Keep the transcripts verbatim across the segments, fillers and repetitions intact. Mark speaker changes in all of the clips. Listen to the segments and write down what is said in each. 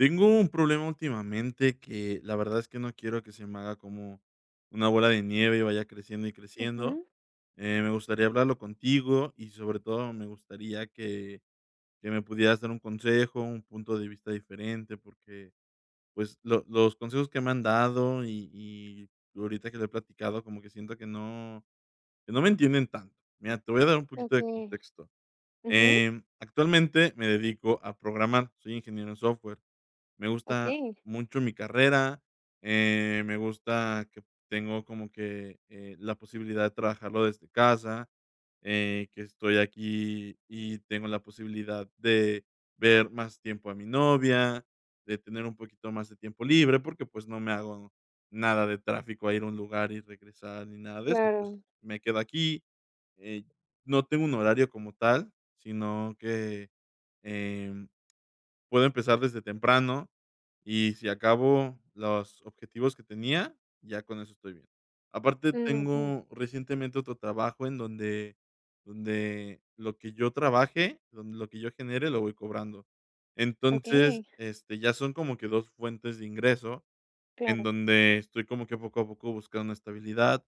Speaker 1: Tengo un problema últimamente que, la verdad es que no quiero que se me haga como una bola de nieve y vaya creciendo y creciendo.
Speaker 2: Ujú.
Speaker 1: Eh, me gustaría hablarlo contigo y sobre todo, me gustaría que que me pudieras dar un consejo, un punto de vista diferente porque, pues, lo los consejos que me han dado y y ahorita que lo he platicado como que siento que no que no me entienden tanto. Mira, te voy a dar un poquito de
Speaker 2: Okey.
Speaker 1: contexto.
Speaker 2: Ujú.
Speaker 1: Em, actualmente me dedico a programar. Soy ingeniero en software. Me gusta
Speaker 2: Okey.
Speaker 1: mucho mi carrera. Eh, me gusta que tengo como que, eh, la posibilidad de trabajarlo desde casa, eh, que estoy aquí y tengo la posibilidad de ver más tiempo a mi novia, de tener un poquito más de tiempo libre porque, pues, no me hago nada de tráfico a ir a un lugar y regresar, ni nada de eso, pues,
Speaker 2: Claro.
Speaker 1: me quedo aquí, eh, no tengo un horario como tal, sino que, em, puedo empezar desde temprano y sí acabo los objetivos que tenía, ya con eso estoy bien. Aparte
Speaker 2: Mm, ujú.
Speaker 1: tengo recientemente otro trabajo en donde donde lo que yo trabaje, donde lo que yo genere lo voy cobrando. Entonces
Speaker 2: Okey.
Speaker 1: este ya son como que dos fuentes de ingreso en
Speaker 2: Claro.
Speaker 1: donde estoy como que poco a poco buscando una estabilidad.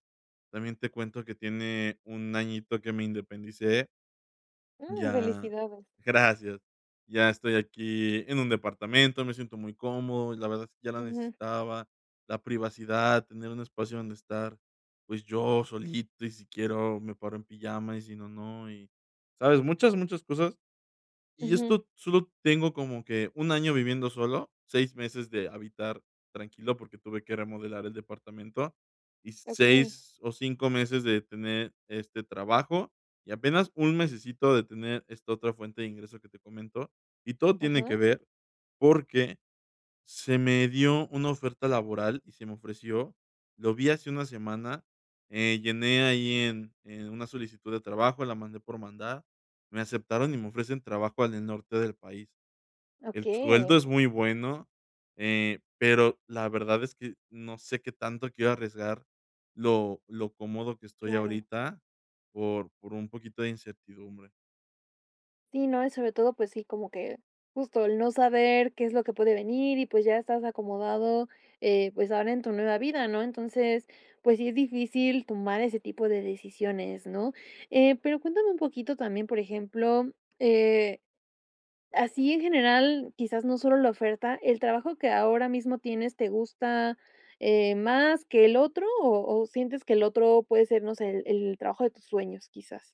Speaker 1: También te cuento que tiene un añito que me independicé.
Speaker 2: Mm,
Speaker 1: Ya
Speaker 2: felicidades.
Speaker 1: gracias. Ya estoy aquí en un departamento. Me siento muy cómodo y la verdad es que ya lo
Speaker 2: Ujú.
Speaker 1: necesitaba, la privacidad, tener un espacio donde estar, pues, yo solito y si quiero me paro en pijama y si no, no, y, ¿sabes? Muchas, muchas cosas. Y
Speaker 2: Ujú.
Speaker 1: esto solo tengo como que un año viviendo solo, seis meses de habitar tranquilo porque tuve que remodelar el departamento y
Speaker 2: Okey.
Speaker 1: seis o cinco meses de tener este trabajo y apenas un mesecito de tener esta otra fuente de ingreso que te comento y todo tiene que
Speaker 2: Ajá.
Speaker 1: ver porque se me dio una oferta laboral y se me ofreció lo vi hace una semana, eh, llené ahí en, eh, una solicitud de trabajo, la mandé por mandar. Me aceptaron y me ofrecen trabajo al norte del país, el sueldo
Speaker 2: Okey.
Speaker 1: es muy bueno, eh, pero la verdad es que no sé qué tanto quiero arriesgar lo lo cómodo que estoy
Speaker 2: Claro.
Speaker 1: ahorita por por un poquito de incertidumbre.
Speaker 2: Sí, no, y sobre todo, pues sí, como que justo el no saber qué es lo que puede venir, y, pues, ya estás acomodado, eh, pues, ahora en tu nueva vida, ¿no?, entonces, pues sí, es difícil tomar ese tipo de decisiones, ¿no?, eh, pero cuéntame un poquito también, por ejemplo, eh, así, en general, quizás no solo la oferta, ¿el trabajo que ahora mismo tienes te gusta, eh, más que el otro?, ¿o o sientes que el otro puede ser, no sé, el el trabajo de tus sueños, quizás?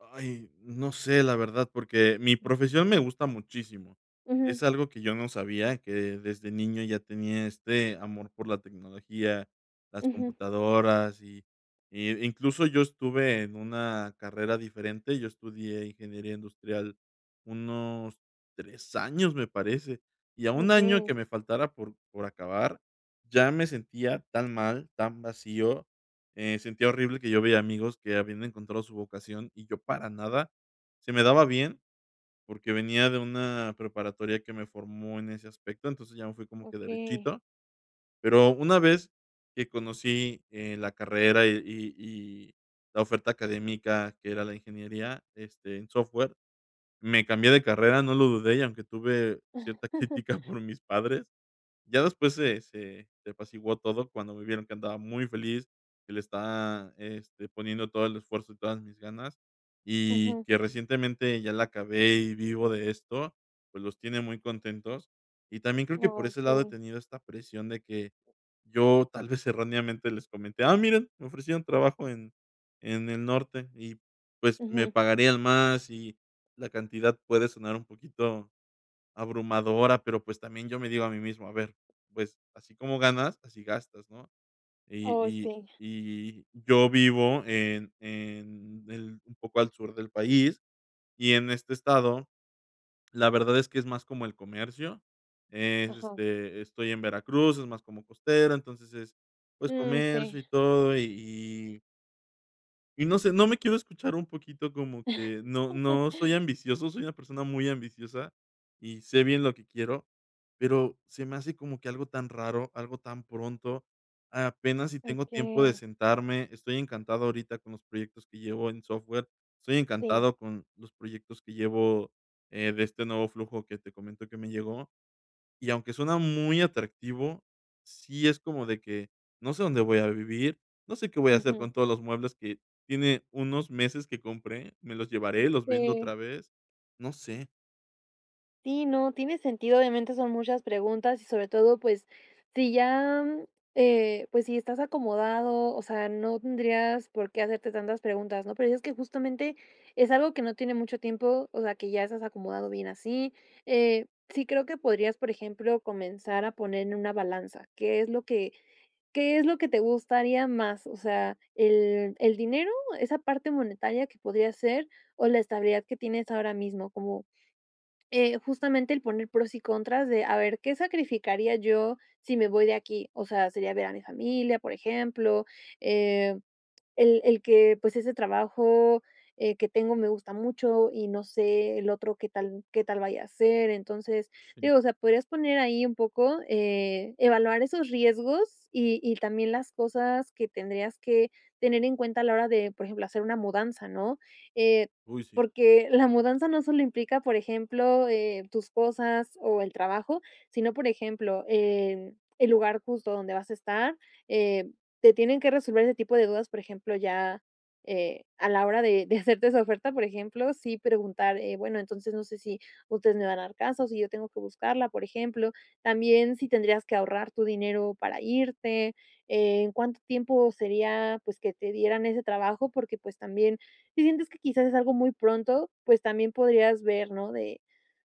Speaker 1: Ay, no sé, la verdad, porque mi profesión me gusta muchísimo.
Speaker 2: Ujú.
Speaker 1: Es algo que yo no sabía, que desde niño ya tenía este amor por la tecnología, las
Speaker 2: Ujú.
Speaker 1: computadoras, y y incluso yo estuve en una carrera diferente. Yo estudié ingeniería industrial unos tres años, me parece, y a un año que
Speaker 2: Okey.
Speaker 1: me faltara por por acabar, ya me sentía tan mal, tan vacío. Eh, sentía horrible que yo veía amigos que habían encontrado su vocación, y yo para nada, se me daba bien porque venía de una preparatoria que me formó en ese aspecto. Entonces, ya me fui como que
Speaker 2: Okey.
Speaker 1: derechito. Pero, una vez que conocí, eh, la carrera y y la oferta académica, que era la ingeniería, este, en software, me cambié de carrera, no lo dudé, y aunque tuve cierta crítica por mis padres, ya después se se se apaciguó todo cuando me vieron que andaba muy feliz, que le estaba este, poniendo todo el esfuerzo y todas mis ganas, y
Speaker 2: Ujú.
Speaker 1: que recientemente ya la acabé, y vivo de esto, pues, los tiene muy contentos. Y también, creo que por
Speaker 2: Oh,
Speaker 1: ese lado he
Speaker 2: sí.
Speaker 1: tenido esta presión de que, yo tal vez erróneamente, les comenté: "Ah, miren, me ofrecieron trabajo en en el norte, y, pues, me
Speaker 2: Ujú.
Speaker 1: pagarían más", y la cantidad puede sonar un poquito abrumadora, pero, pues, también yo me digo a mí mismo: "A ver, pues, así como ganas, así gastas", ¿no?, y
Speaker 2: Oh,
Speaker 1: y
Speaker 2: sí.
Speaker 1: y yo vivo en en el un poco al sur del país, y en este estado, la verdad es que, es más como el comercio. Es,
Speaker 2: Ajá.
Speaker 1: este, estoy en Veracruz, es más como costera. Entonces, es, pues,
Speaker 2: Mm,
Speaker 1: comercio
Speaker 2: sí.
Speaker 1: y todo y y Y no sé, no me quiero escuchar un poquito como que no no soy ambicioso. Soy una persona muy ambiciosa y sé bien lo que quiero, pero se me hace como que algo tan raro, algo tan pronto. Apenas y tengo tiempo de
Speaker 2: Okey.
Speaker 1: sentarme. Estoy encantado ahorita con los proyectos que llevo en software estoy
Speaker 2: Sí.
Speaker 1: encantado con los proyectos que llevo, eh, de este nuevo flujo que te comento que me llegó. Y aunque suena muy atractivo, sí es como de que no sé dónde voy a vivir, no sé qué voy a hacer
Speaker 2: Ujú.
Speaker 1: con todos los muebles que tiene unos meses que compré, ¿me los llevaré, los vendo
Speaker 2: Sí.
Speaker 1: otra vez? No sé.
Speaker 2: Sí, no, tiene sentido. Obviamente son muchas preguntas y sobre todo, pues sí ya, eh, pues si estás acomodado, o sea, no tendrías por qué hacerte tantas preguntas, ¿no? Pero dices que justamente es algo que no tiene mucho tiempo. O sea, que ya estás acomodado bien así, eh, sí creo que podrías, por ejemplo, comenzar a poner en una balanza, ¿qué es lo que qué es lo que te gustaría más? O sea, ¿el el dinero, esa parte monetaria que podría ser o la estabilidad que tienes ahora mismo? Como, eh, justamente el poner pros y contras de a ver, ¿qué sacrificaría yo si me voy de aquí? O sea, sería ver a mi familia, por ejemplo, eh, el el que pues ese trabajo, eh, que tengo me gusta mucho y no sé el otro qué tal qué tal vaya a ser. Entonces,
Speaker 1: Sí.
Speaker 2: digo, o sea, podrías poner ahí un poco, eh, evaluar esos riesgos y y también las cosas que tendrías que tener en cuenta a la hora de, por ejemplo, hacer una mudanza, ¿no?, eh,
Speaker 1: Uy, sí.
Speaker 2: porque la mudanza no solo implica, por ejemplo, eh, tus cosas o el trabajo, sino, por ejemplo, em, el lugar justo donde vas a estar, eh, te tienen que resolver ese tipo de dudas, por ejemplo, ya, eh, a la hora de de hacerte esa oferta, por ejemplo. Sí, preguntar, eh, bueno, entonces no sé si ustedes me van a dar casa o si yo tengo que buscarla, por ejemplo, también si tendrías que ahorrar tu dinero para irte, eh, ¿en cuánto tiempo sería pues que te dieran ese trabajo? Porque pues también si sientes que quizás es algo muy pronto, pues también podrías ver, ¿no? De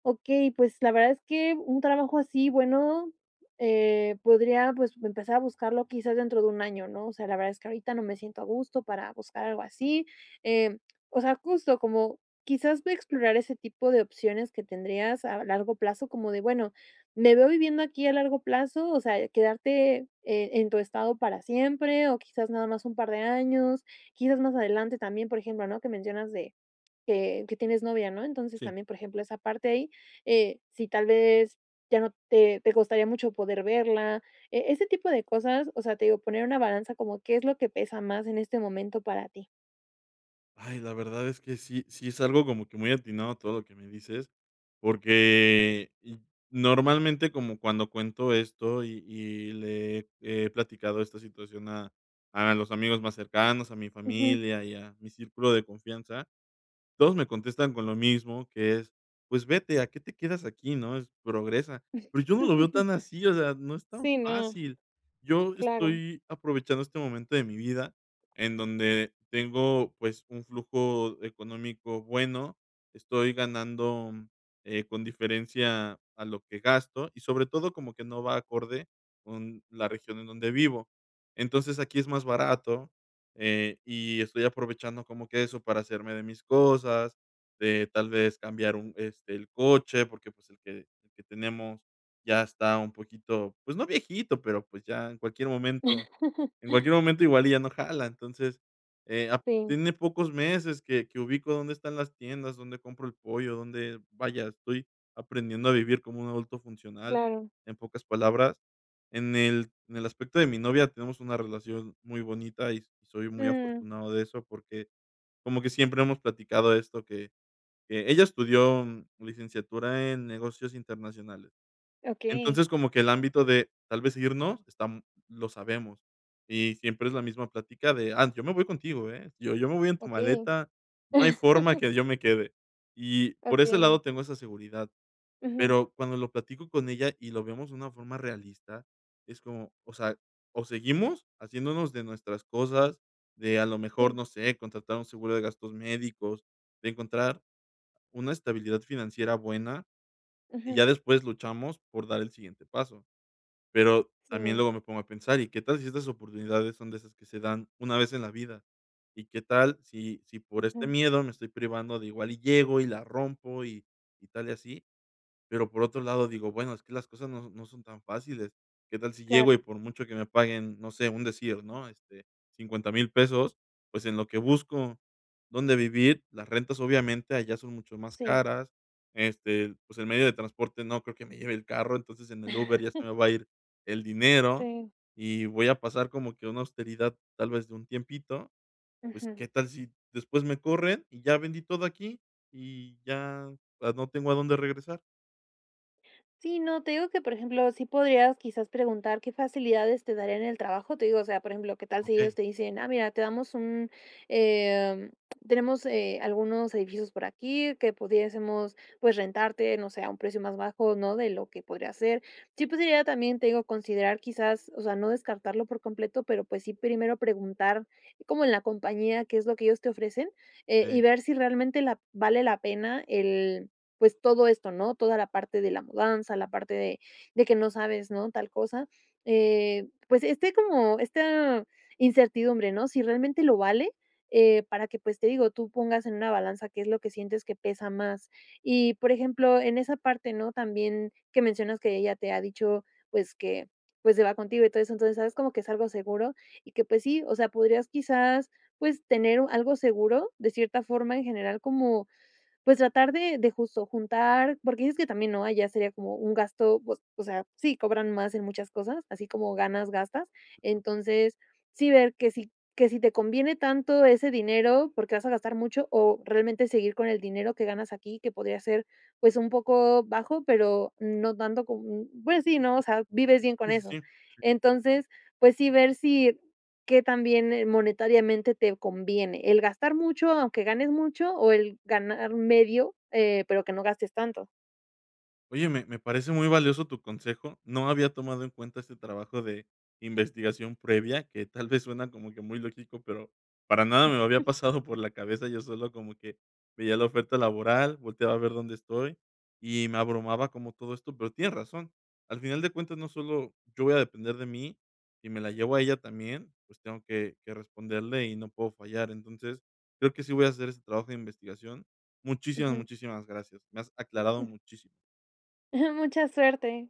Speaker 2: okey, pues la verdad es que un trabajo así, bueno, eh, podría pues empezar a buscarlo quizás dentro de un año, ¿no? O sea, la verdad es que ahorita no me siento a gusto para buscar algo así, em, o sea, justo como quizás ve a explorar ese tipo de opciones que tendrías a largo plazo como de bueno, ¿me veo viviendo aquí a largo plazo? O sea, quedarte, eh, en tu estado para siempre o quizás nada más un par de años, quizás más adelante también, por ejemplo, ¿no? Que mencionas de que que tienes novia, ¿no? Entonces
Speaker 1: Sí.
Speaker 2: también, por ejemplo, esa parte ahí, eh, si tal vez ya no te te costaría mucho poder verla, eh, ese tipo de cosas. O sea, te digo poner una balanza como, ¿qué es lo que pesa más en este momento para ti?
Speaker 1: Ay, la verdad es que sí, sí, es algo como que muy atinado todo lo que me dices porque y normalmente como cuando cuento esto y y le he he platicado esta situación a a los amigos más cercanos, a mi
Speaker 2: Ujú.
Speaker 1: familia y a mi círculo de confianza, todos me contestan con lo mismo que es: "Pues vete ¿a qué te quedas aquí, no?". Es, "progresa". Pero yo no lo veo tan así, o sea, no es tan
Speaker 2: Sí, no.
Speaker 1: fácil. Yo
Speaker 2: Claro.
Speaker 1: estoy, aprovechando este momento de mi vida, en donde tengo pues, un flujo económico bueno, estoy ganando, eh, con diferencia a lo que gasto y sobre todo, como que no va acorde con la región en donde vivo. Entonces aquí es más barato, eh, y estoy aprovechando como que eso para hacerme de mis cosas, de tal vez cambiar un este el coche porque pues el que el que tenemos ya está un poquito, pues no viejito, pero pues ya en cualquier momento en cualquier momento igual ya no jala, entonces, eh, ap
Speaker 2: Sí.
Speaker 1: tiene pocos meses que que ubico dónde están las tiendas, donde compro el pollo, dónde vaya, estoy aprendiendo a vivir como un adulto funcional,
Speaker 2: Claro.
Speaker 1: en pocas palabras en el en el aspecto de mi novia tenemos una relación muy bonita y s soy muy
Speaker 2: Mm.
Speaker 1: afortunado de eso porque como que siempre hemos platicado esto que, que ella estudió licenciatura en negocios internacionales.
Speaker 2: Okey.
Speaker 1: Entonces como que el ámbito de, tal vez irnos, esta lo sabemos y siempre es la misma plática de: "Ah, yo me voy contigo, eh, yo yo me voy en tu
Speaker 2: Okey.
Speaker 1: maleta. No hay forma que yo me quede". Y por ese lado
Speaker 2: Okey.
Speaker 1: tengo esa seguridad.
Speaker 2: Ujú.
Speaker 1: Pero, cuando lo platico con ella y lo vemos de una forma realista es como, o sea, o seguimos haciéndonos de nuestras cosas, de a lo mejor
Speaker 2: Sí.
Speaker 1: no sé contratar un seguro de gastos médicos, de encontrar una estabilidad financiera buena, y
Speaker 2: Ujú.
Speaker 1: ya después luchamos por dar el siguiente paso, pero también
Speaker 2: Sí.
Speaker 1: luego me pongo a pensar: "¿Y qué tal si estas oportunidades son de esas que se dan una vez en la vida? ¿Y qué tal si si por este
Speaker 2: Ujú.
Speaker 1: miedo me estoy privando de igual y llego y la rompo y, y tal y así?". Pero, por otro lado, digo: "Bueno, es que las cosas no no son tan fáciles". ¿Qué tal si llego y
Speaker 2: Claro.
Speaker 1: por mucho que me paguen, no sé un decir, ¿no? Este, cincuenta mil pesos, pues en lo que busco, donde vivir, las rentas obviamente allá son mucho más
Speaker 2: Sí.
Speaker 1: caras. Este, pues el medio de transporte, no creo que me lleve el carro. Entonces en el Uber ya se me va a ir el dinero
Speaker 2: Sí.
Speaker 1: y voy a pasar como que a una austeridad, tal vez de un tiempito. Pues,
Speaker 2: Ujú.
Speaker 1: ¿qué tal si, después me corren? Y ya vendí todo aquí y ya, ah, no tengo a dónde regresar.
Speaker 2: Sí, no te digo que, por ejemplo, sí podrías, quizás, preguntar qué facilidades te darían en el trabajo, te digo, o sea, por ejemplo, qué tal si ellos
Speaker 1: Okey.
Speaker 2: te dicen: "Ah, mira, te damos un, em tenemos, eh, algunos edificios por aquí que pudiésemos, pues, rentarte, no sé, a un precio más bajo, ¿no?, de lo que podría ser". Sí, pues, sería también, te digo, considerar, quizás o sea, no descartarlo por completo, pero, pues, sí, primero preguntar como en la compañía qué es lo que ellos te ofrecen, eh, y
Speaker 1: Okey.
Speaker 2: ver si realmente la vale la pena el pues, todo esto, ¿no?, toda la parte de la mudanza, la parte de de que no sabes, ¿no?, tal cosa, eh, pues, este como esta incertidumbre, ¿no?, si realmente lo vale, eh, para que, pues, te digo, tú pongas en una balanza qué es lo que sientes que pesa más. Y por ejemplo, en esa parte, ¿no?, también que mencionas que ella te ha dicho, pues, que pues, se va contigo y todo eso, entonces, ¿sabes?, como que es algo seguro y que, pues, sí, o sea, podrías, quizás, pues, tener u algo seguro de cierta forma en general, como, pues, tratar de de justo juntar porque dices que también, ¿no?, allá sería como un gasto, u o o sea, sí, cobran más en muchas cosas, así como ganas, gastas,
Speaker 1: Claro.
Speaker 2: entonces, sí ver que si que si te conviene tanto ese dinero porque vas a gastar mucho o realmente seguir con el dinero que ganas aquí, que podría ser, pues, un poco bajo, pero no tanto como m pues, sí, ¿no?, o sea, vives bien
Speaker 1: Sí
Speaker 2: con
Speaker 1: sí
Speaker 2: eso.
Speaker 1: sí, sí.
Speaker 2: Entonces, pues, sí, ver si qué tan bien monetariamente te conviene el gastar mucho, aunque ganes mucho, o el ganar medio, eh, pero que no gastes tanto.
Speaker 1: Oye, me me parece muy valioso tu consejo. No había tomado en cuenta este trabajo de investigación previa que, tal vez, suena como que muy lógico, pero para nada me había pasado por la cabeza. Yo solo como que veía la oferta laboral, volteaba a ver dónde estoy y me abrumaba como todo esto, pero tienes razón, al final de cuentas, no solo yo voy a depender de mí y me la llevo a ella también, pues, tengo que que responderle y no puedo fallar, entonces, creo que sí voy a hacer ese trabajo de investigación. Muchísimas,
Speaker 2: Ujú.
Speaker 1: muchísimas gracias. Me has aclarado
Speaker 2: Mm.
Speaker 1: muchísimo.
Speaker 2: Mucha suerte.